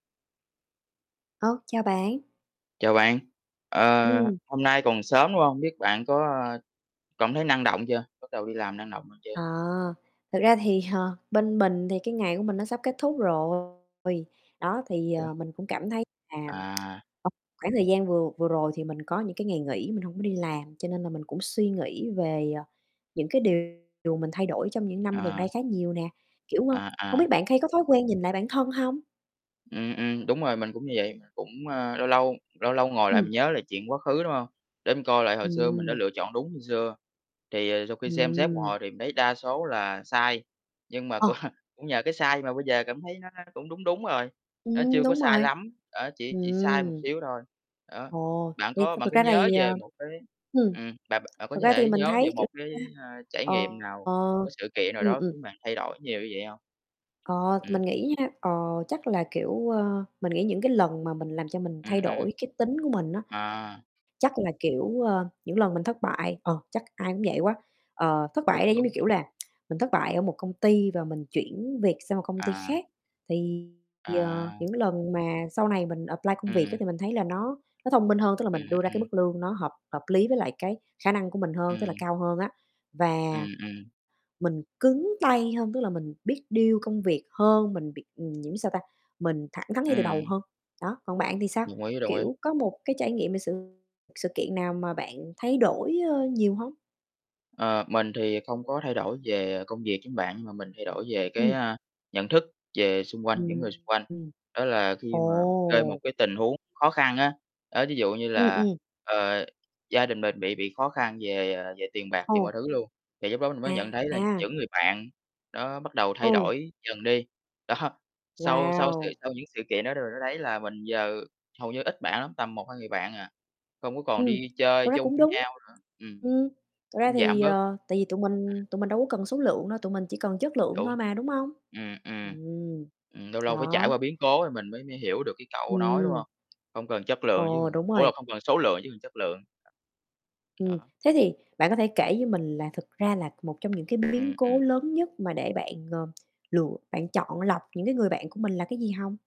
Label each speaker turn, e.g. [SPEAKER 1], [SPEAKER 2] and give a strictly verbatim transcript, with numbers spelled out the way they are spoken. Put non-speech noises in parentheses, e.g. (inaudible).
[SPEAKER 1] Ô, chào bạn.
[SPEAKER 2] Chào bạn, ờ,
[SPEAKER 1] Ừm.
[SPEAKER 2] hôm nay còn sớm, đúng hông? Biết bạn có cảm thấy năng động chưa? Bắt đầu đi làm năng động hơn chưa?
[SPEAKER 1] Ờ, thực ra thì, ờ, bên mình thì cái ngày của mình nó sắp kết thúc rồi. Đó, thì,
[SPEAKER 2] Ủa?
[SPEAKER 1] ờ, mình cũng cảm thấy là,
[SPEAKER 2] À.
[SPEAKER 1] (tsk) ờ, khoảng thời gian vừa vừa rồi thì mình có những cái ngày nghỉ mình hổng có đi làm, cho nên là mình cũng suy nghĩ về, ờ, những cái điều mình thay đổi trong những năm gần đây
[SPEAKER 2] À.
[SPEAKER 1] khá nhiều nè, kiểu, ơ,
[SPEAKER 2] À,
[SPEAKER 1] hông
[SPEAKER 2] à.
[SPEAKER 1] biết bạn hay có thói quen nhìn lại bản thân hông?
[SPEAKER 2] Ừm, ừm, đúng rồi, mình cũng như vậy, cũng, a, lâu lâu lâu lâu ngồi lại, mình
[SPEAKER 1] Ừm.
[SPEAKER 2] nhớ lại chuyện quá khứ, đúng hông? Để mình coi lại hồi xưa mình đã
[SPEAKER 1] Ừm.
[SPEAKER 2] lựa chọn đúng như xưa. Thì, ờ, sau khi xem xét một
[SPEAKER 1] Ừm.
[SPEAKER 2] hồi thì mình thấy đa số là sai, nhưng mà cũng
[SPEAKER 1] Ờ.
[SPEAKER 2] cũng nhờ cái sai mà bây giờ cảm thấy nó cũng đúng đúng rồi, nó
[SPEAKER 1] Ừm,
[SPEAKER 2] chưa có
[SPEAKER 1] đúng
[SPEAKER 2] sai
[SPEAKER 1] rồi,
[SPEAKER 2] lắm, ờ, chỉ chỉ sai một
[SPEAKER 1] ừm.
[SPEAKER 2] xíu thôi. Đó.
[SPEAKER 1] Ồ,
[SPEAKER 2] Bạn
[SPEAKER 1] thì
[SPEAKER 2] có
[SPEAKER 1] thực
[SPEAKER 2] bạn
[SPEAKER 1] thực
[SPEAKER 2] có
[SPEAKER 1] ra là
[SPEAKER 2] nhớ
[SPEAKER 1] thì,
[SPEAKER 2] về
[SPEAKER 1] ờ,
[SPEAKER 2] một cái,
[SPEAKER 1] ừm,
[SPEAKER 2] ừm, bạn bạn có
[SPEAKER 1] thực ra thì
[SPEAKER 2] thể
[SPEAKER 1] mình
[SPEAKER 2] nhớ về
[SPEAKER 1] thấy, kiểu,
[SPEAKER 2] một
[SPEAKER 1] ta
[SPEAKER 2] cái, ơ, trải
[SPEAKER 1] ờ,
[SPEAKER 2] nghiệm nào, một cái sự kiện nào
[SPEAKER 1] ừm,
[SPEAKER 2] đó
[SPEAKER 1] ừm.
[SPEAKER 2] khiến bạn thay đổi nhiều như vậy hông?
[SPEAKER 1] Ờ,
[SPEAKER 2] Ừm.
[SPEAKER 1] mình nghĩ nha, ờ, chắc là, kiểu, ơ, mình nghĩ những cái lần mà mình làm cho mình thay
[SPEAKER 2] Ừm, ừm.
[SPEAKER 1] đổi cái tính của mình á,
[SPEAKER 2] À.
[SPEAKER 1] chắc là, kiểu, ơ, những lần mình thất bại, ờ, chắc ai cũng vậy quá. Ờ, thất bại
[SPEAKER 2] Đúng,
[SPEAKER 1] ở đây giống như,
[SPEAKER 2] đúng.
[SPEAKER 1] kiểu là, (tsk) mình thất bại ở một công ty và mình chuyển việc sang một công ty
[SPEAKER 2] À.
[SPEAKER 1] khác, thì, ờ,
[SPEAKER 2] À.
[SPEAKER 1] những lần mà sau này mình apply công việc á,
[SPEAKER 2] Ừm.
[SPEAKER 1] thì mình thấy là nó nó thông minh hơn, tức là
[SPEAKER 2] Ừm,
[SPEAKER 1] mình đưa ra cái
[SPEAKER 2] ừm.
[SPEAKER 1] mức lương nó hợp hợp lý với lại cái khả năng của mình hơn, tức là
[SPEAKER 2] Ừm.
[SPEAKER 1] cao hơn á,
[SPEAKER 2] Ừm,
[SPEAKER 1] và
[SPEAKER 2] ừm.
[SPEAKER 1] mình cứng tay hơn, tức là mình biết deal công việc hơn, mình biết nhiễm sao ta, mình thẳng thắn ngay từ đầu
[SPEAKER 2] Ừm.
[SPEAKER 1] hơn. Đó, còn bạn thì sao?
[SPEAKER 2] Đồng ý, đồng ý.
[SPEAKER 1] Kiểu, có một cái trải nghiệm về sự sự kiện nào mà bạn thay đổi, ơ, nhiều hông?
[SPEAKER 2] Ờ, mình thì không có thay đổi về công việc giống bạn mà mình thay đổi về, cái,
[SPEAKER 1] Ừm.
[SPEAKER 2] ơ, nhận thức về xung quanh, những người
[SPEAKER 1] Ừm.
[SPEAKER 2] xung quanh. Đó là khi mà rơi một
[SPEAKER 1] Ồ.
[SPEAKER 2] cái tình huống khó khăn á, đó, ví dụ như
[SPEAKER 1] Ừm,
[SPEAKER 2] là,
[SPEAKER 1] ừm.
[SPEAKER 2] ờ, gia đình mình bị bị khó khăn về, ờ, về tiền bạc, về mọi
[SPEAKER 1] Ồ.
[SPEAKER 2] thứ luôn. Thì lúc đó mình mới nhận thấy là
[SPEAKER 1] À.
[SPEAKER 2] những người bạn đó bắt đầu thay
[SPEAKER 1] Ừ.
[SPEAKER 2] đổi dần đi. Đó, sau sau sự
[SPEAKER 1] Wow.
[SPEAKER 2] sau những sự kiện đó đ đó thấy là mình giờ hầu như ít bạn lắm, tầm một hai người bạn à, không có còn
[SPEAKER 1] Ừm,
[SPEAKER 2] đi chơi
[SPEAKER 1] thật ra
[SPEAKER 2] chung
[SPEAKER 1] cũng
[SPEAKER 2] với
[SPEAKER 1] đúng,
[SPEAKER 2] nhau nữa. Ừm,
[SPEAKER 1] ừm, thật ra
[SPEAKER 2] cũng giảm
[SPEAKER 1] thì,
[SPEAKER 2] bớt.
[SPEAKER 1] ờ, tại vì tụi
[SPEAKER 2] Ừm.
[SPEAKER 1] mình tụi mình đâu có cần số lượng đâu, tụi mình chỉ cần chất lượng
[SPEAKER 2] Đúng.
[SPEAKER 1] thôi mà, đúng hông?
[SPEAKER 2] Ừm, ừm,
[SPEAKER 1] Ừm,
[SPEAKER 2] ừm, lâu lâu phải trải
[SPEAKER 1] đó.
[SPEAKER 2] qua biến cố rồi mình mới mới hiểu được cái câu nói, đúng
[SPEAKER 1] Ừm.
[SPEAKER 2] hông? Không cần chất lượng chứ
[SPEAKER 1] Ồ, đúng
[SPEAKER 2] ủa, là
[SPEAKER 1] rồi.
[SPEAKER 2] không cần số lượng chứ cần chất lượng.
[SPEAKER 1] Ừm,
[SPEAKER 2] Đó.
[SPEAKER 1] thế thì bạn có thể kể cho mình là thực ra là một trong những cái biến
[SPEAKER 2] Ừm,
[SPEAKER 1] cố
[SPEAKER 2] ừm.
[SPEAKER 1] lớn nhất mà để bạn, ờ, lựa bạn chọn lọc những cái người bạn của mình là cái gì hông?